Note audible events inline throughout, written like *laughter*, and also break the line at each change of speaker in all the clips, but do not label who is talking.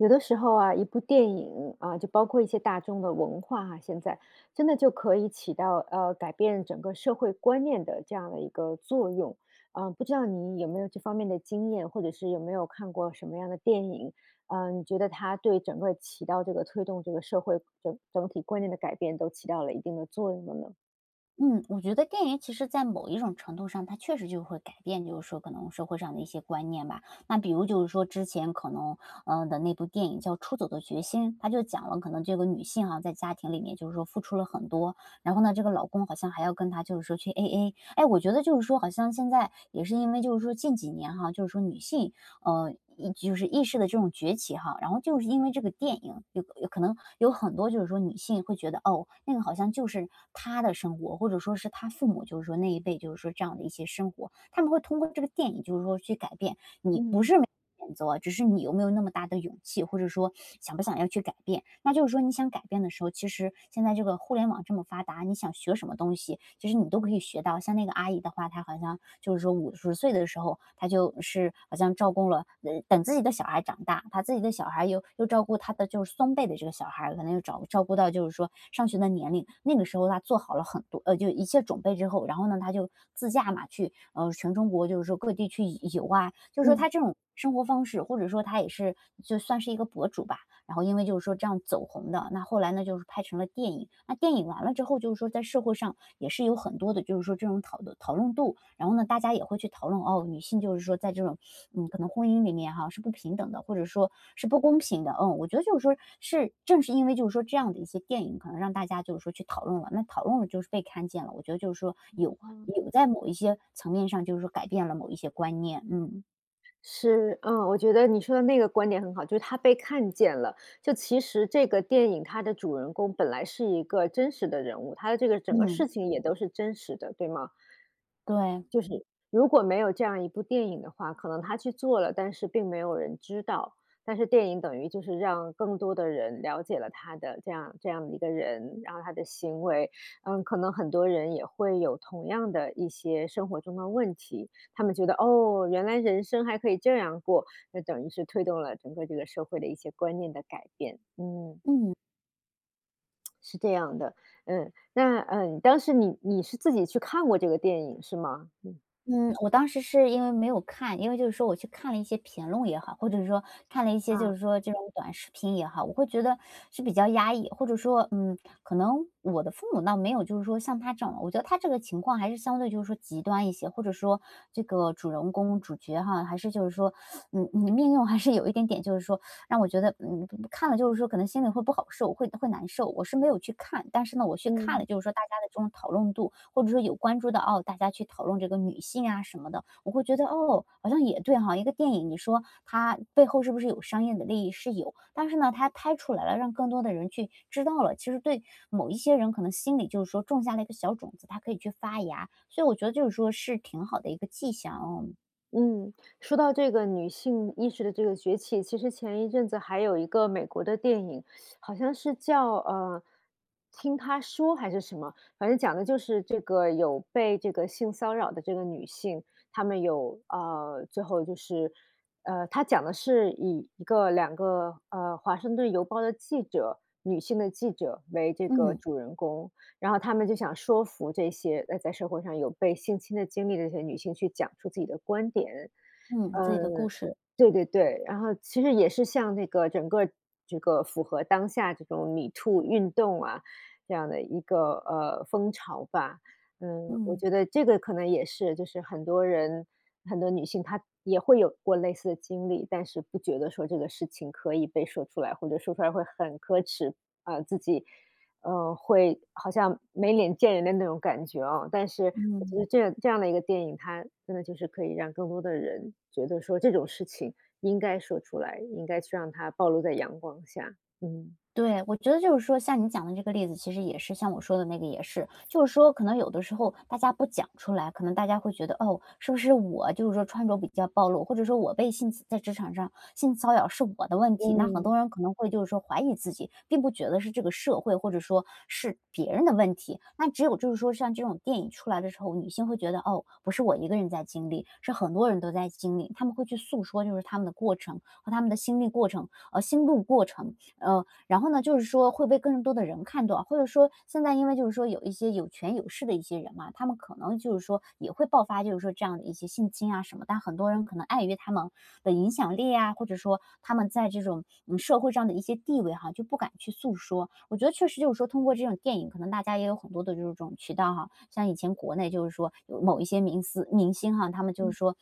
有的时候啊，一部电影，呃，就包括一些大众的文化哈现在，真的就可以起到，呃，改变整个社会观念的这样的一个作用。呃，不知道你有没有这方面的经验，或者是有没有看过什么样的电影？呃，你觉得它对整个起到这个推动这个社会整整体观念的改变，都起到了一定的作用的呢？
嗯，我觉得电影其实在某一种程度上它确实就会改变，就是说可能社会上的一些观念吧。那比如就是说之前可能，呃，的那部电影叫《出走的决心》，它就讲了可能这个女性哈，在家庭里面就是说付出了很多，然后呢，这个老公好像还要跟她就是说去 AA。哎，我觉得就是说好像现在也是因为就是说近几年哈，就是说女性，呃，意就是意识的这种崛起哈。然后就是因为这个电影有有可能有很多就是说女性会觉得，哦，那个好像就是她的生活，或者说是她父母就是说那一辈就是说这样的一些生活。她们会通过这个电影就是说去改变，你不是
嗯。
没 *unintelligible* 选择，只是你有没有那么大的勇气，或者说 *sucks teeth* 想不想要去改变。那就是说你想改变的时候，其实现在这个互联网这么发达，你想学什么东西，就是你都可以学到。像那个阿姨的话，她好像就是说50岁的时候，她就是好像照顾了呃，等自己的小孩长大，她自己的小孩儿又又照顾她的就是孙辈的这个小孩儿，可能又找照顾到就是说上学的年龄，那个时候她做好了很多呃，就一切准备之后，然后呢，她就自驾嘛，去，呃，全中国就是说各地去游游啊。就是说她
嗯。
这种生活方式，或者说她也是就算是一个博主吧，然后因为就是说这样走红的。那后来呢，就是拍成了电影。那电影完了之后就是说在社会上也是有很多的就是说这种讨论讨论度，然后呢，大家也会去讨论，哦，女性就是说在这种，*sucks teeth* 嗯，可能婚姻里面哈，是不平等的，或者说是不公平的。嗯，我觉得就是说是正是因为就是说这样的一些电影可能让大家就是说去讨论了，那讨论了就是被看见了，我觉得就是说有
嗯，哦。
有在某一些层面上就是说改变了某一些观念。嗯。
是，呃，我觉得你说的那个观点很好，就是她被看见了，就其实这个电影它的主人公本来是一个真实的人物，它的这个整个
嗯。
事情也都是真实的，对吗？
对。
就是，如果没有这样一部电影的话，可能她去做了，但是并没有人知道。但是电影等于就是让更多的人了解了她的这样这样一个人，然后她的行为。嗯，可能很多人也会有同样的一些生活中的问题。他们觉得，哦，原来人生还可以这样过，那等于是推动了整个这个社会的一些观念的改变，嗯。
嗯。
*tsk* 是这样的。嗯。那，呃，当时你你是自己去看过这个电影是吗？嗯。
嗯，我当时是因为没有看，因为就是说我去看了一些评论也好，或者说看了一些就
啊。
是说这种短视频也好，我会觉得是比较压抑。或者说，嗯，可能我的父母倒没有就是说像她这样，我觉得她这个情况还是相对就是说极端一些。或者说这个主人公、主角哈，还是就是说 *sucks teeth* 你你的命运还是有一点点，就是说 *sucks teeth* 让我觉得，嗯，看了就是说可能心里会不好受，会会难受。我是没有去看，但是呢，我去看
嗯。
了就是说大家的这种讨论度，或者说有关注到，哦，大家去讨论这个女性啊什么的，我会觉得，哦，好像也对哈，一个电影你说它背后是不是有商业的利益？是有。但是呢，它拍出来了，让更多的人去知道了，其实对某一些人可能心里就是说种下了一个小种子，它可以去发芽。所以我觉得就是说是挺好的一个迹象，嗯。
嗯，说到这个女性意识的这个崛起。其实前一阵子还有一个美国的电影，*sucks teeth* 好像是叫，呃，《听她说》还是什么。反正讲的就是这个有被这个性骚扰的这个女性，她们有，啊，最后就是呃，它讲的是以1个2个，呃，华盛顿邮报的记者，女性的记者为这个
嗯。
主人公，然后她们就想说服这些，呃，在社会上有被性侵的经历的这些女性去讲出自己的观点。
嗯，自
呃，
己的故事。
对对对。然后其实也是像那个整个这个符合当下这种MeToo运动啊，这样的一个，呃，风潮吧。嗯，我
嗯。
觉得这个可能也是，就是很多人、很多女性，她也会有过类似的经历。但是不觉得说这个事情可以被说出来，或者说出来会很可耻。呃，自己，呃，会好像没脸见人的那种感觉啊。但是我觉
嗯。
得这样这样的一个电影，它真的就是可以让更多的人觉得说这种事情应该说出来，应该去让它暴露在阳光下。嗯。
对，我觉得就是说像你讲的这个例子，其实也是像我说的那个也是。就是说可能有的时候大家不讲出来，可能大家会觉得，哦，是不是我就是说穿着比较暴露，或者说我被性侵在职场上性骚扰是我的问题。那很
嗯。
多人可能会就是说怀疑自己，并不觉得是这个社会或者说是别人的问题。那只有就是说像这种电影出来的时候，女性会觉得，哦，不是我一个人在经历，是很多人都在经历。她们会去诉说就是她们的过程和她们的心历过程，哦，心路过程。呃，然后呢就是说会被更多的人看到。或者说现在因为就是说有一些有权有势的一些人嘛，他们可能就是说也会爆发就是说这样的一些性侵啊什么。但很多人可能碍于他们的影响力呀，或者说他们在这种，嗯，社会上的一些地位哈就不敢去诉说。我觉得确实就是说通过这种电影，可能大家也有很多的这种渠道哈。像以前国内就是说有某一些明思明星哈，他们就
嗯。
是说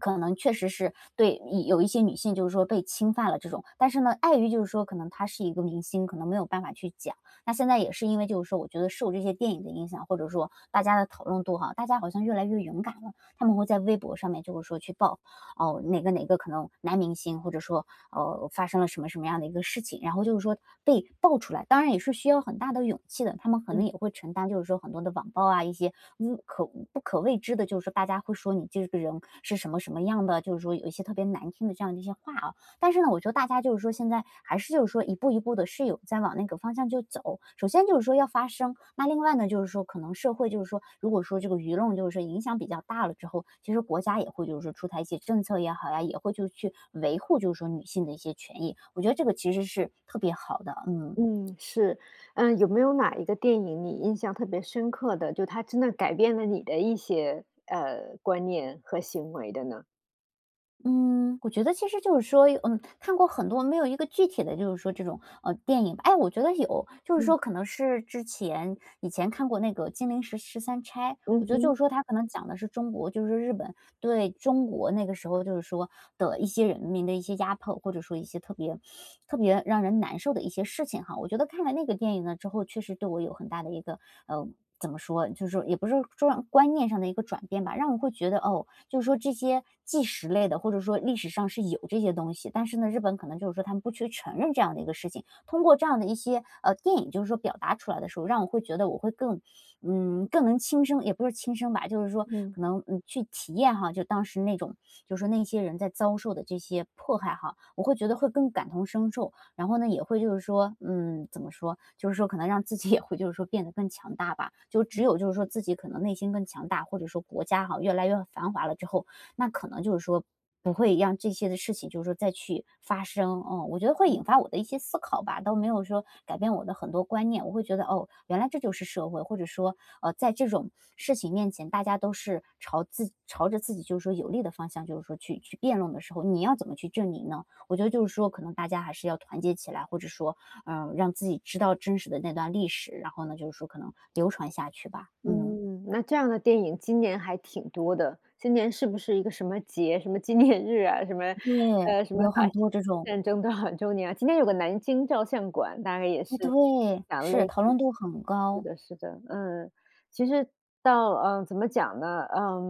可能确实是对，嗯，有一些女性就是说被侵犯了这种，但是呢，碍于就是说可能他是一个明星，可能没有办法去讲。那现在也是因为就是说我觉得受这些电影的影响，或者说大家的讨论度哈，大家好像越来越勇敢了。她们会在微博上面就是说去爆，呃，哪个哪个可能男明星或者说，哦，发生了什么什么样的一个事情，然后就是说被爆出来，当然也是需要很大的勇气的。她们可
嗯。
能也会承担就是说很多的网暴啊，一些物可不可谓知的，就是大家会说你这个人是什么什么样的，就是说有一些特别难听的这样一些话啊。但是呢，我觉得大家就是说，现在还是就是说一步一步地是有在往那个方向就走。首先就是说要发声，那另外呢，就是说可能社会就是说，如果说这个舆论就是说影响比较大了之后，其实国家也会就是说出台一些政策也好呀，也会就是去维护就是说女性的一些权益。我觉得这个其实是特别好的，嗯。
嗯，是。呃，有没有哪一个电影你印象特别深刻的，就它真的改变了你的一些呃，观念和行为的呢？
嗯，我觉得其实就是说有嗯，看过很多，没有一个具体的，就是说这种，嗯，电影。哎，我觉得有，就是
嗯。
说可能是之前，以前看过那个《金陵十十三钗》。
嗯
我觉得就
哼。
是说它可能讲的是中国，就是日本对，中国那个时候就是说的一些人民的一些压迫，或者说一些特别，*sucks teeth* 特别让人难受的一些事情哈。我觉得看了那个电影呢之后，确实对我有很大的一个，呃，怎么说？就说也不是状观念上的一个转变吧，让我会觉得，哦，就是说这些纪实类的，或者说历史上是有这些东西，但是呢，日本可能就是说它们不去承认这样的一个事情。通过这样的一些，呃，电影，就是说表达出来的时候，让我会觉得我会更，嗯，更能亲身也不是说亲身吧，就是说
嗯。
可能，嗯，去体验哈，就当时那种，就是说那些人在遭受的这些迫害哈，我会觉得会更感同身受。然后呢，也会就是说，嗯，怎么说？就是说可能让自己也会，就是说变得更强大吧，就只
嗯。
有就是说自己可能内心更强大，或者说国家哈，越来越繁华了之后，那可能就是说不会让这些的事情就是说再去发生，嗯。我觉得会
嗯。
引发我的一些思考吧，倒没有说改变我的很多观念，我会觉得，哦，原来这就是社会，或者说，呃，在这种事情面前，大家都是朝自朝着自己就是说有利的方向，就是说去去辩论的时候，你要怎么去证明呢？我觉得就是说可能大家还是要团结起来，或者说，呃，让自己知道真实的那段历史，然后呢，就是说可能流传下去吧，嗯。
嗯，那这样的电影今年还挺多的。今年是不是一个什么节？什么纪念日啊？什么，
对，
呃，什么
有
法
很
西
多这
斯
种。
战争多少周年啊？今年有个《南京照相馆》大概也
哎，
是
对，
讲
是，
类
讨
似
论度很
是
高。
的，是的，嗯。其实到，呃，怎么讲呢？呃，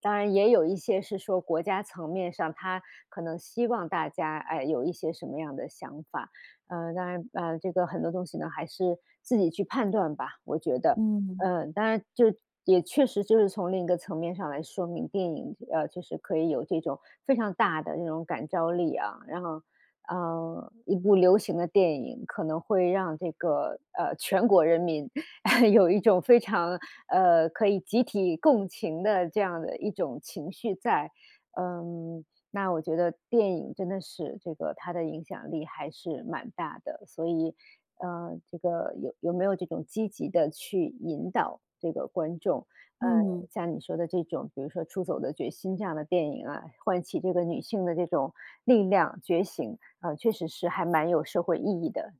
当然也有一些是说国家层面上，它可能希望大家，哎，有一些什么样的想法。呃，当然，呃，这个很多东西呢，还是自己去判断吧，我觉得。
嗯。
呃，当然，就是也确实，就是从另一个层面上来说明，电影，呃，就是可以有这种非常大的这种感召力啊。然后，呃，一部流行的电影，可能会让这个，呃，全国人民 *chuckles* 有一种非常，呃，可以集体共情的这样的一种情绪在。嗯，那我觉得电影真的是这个，它的影响力还是蛮大的，所以，呃，这个有有没有这种积极地去引导这个观众，呃，
嗯。
像你说的这种，比如说《出走的决心》，这样的电影啊，唤起这个女性的这种力量、觉醒，啊，确实是还蛮有社会意义的，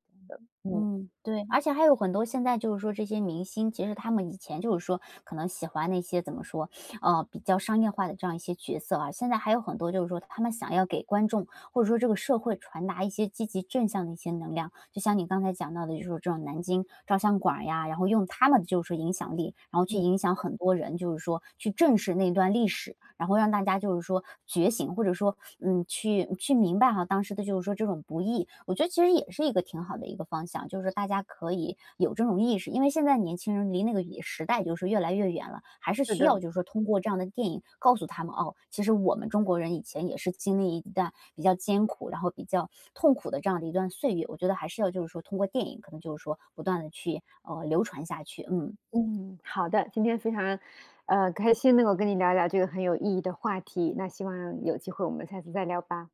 呃，嗯。
嗯，对。而且还有很多现在，就是说这些明星，其实他们以前就是说可能喜欢那些，怎么说？*sucks teeth* 呃，比较商业化的这样一些角色啊，现在还有很多，就是说他们想要给观众，或者说这个社会传达一些积极正向的一些能量，就像你刚才讲到的就是这种《南京照相馆》儿呀，然后用他们就是说影响力，然后去
嗯。
影响很多人，就是说去正视那段历史，然后让大家，就是说觉醒，或者说，嗯，去，去明白哈，当时的，就是说这种不易。我觉得其实也是一个挺好的一个方向，就是大家可以有这种意识，因为现在年轻人离那个也时代就是越来越远了，还是
是
需
的。
要就是说通过这样的电影告诉他们，哦，其实我们中国人以前也是经历一段比较艰苦，然后比较痛苦的这样的一段岁月，我觉得还是要就是说通过电影可能就是说不断地去呃，流传下去，嗯。
嗯，好的。今天非常，呃，开心能够跟你聊聊这个很有意义的话题，那希望有机会我们下次再聊吧。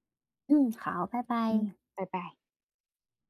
嗯，*smacks lips* 好，拜
嗯，
拜。
拜拜。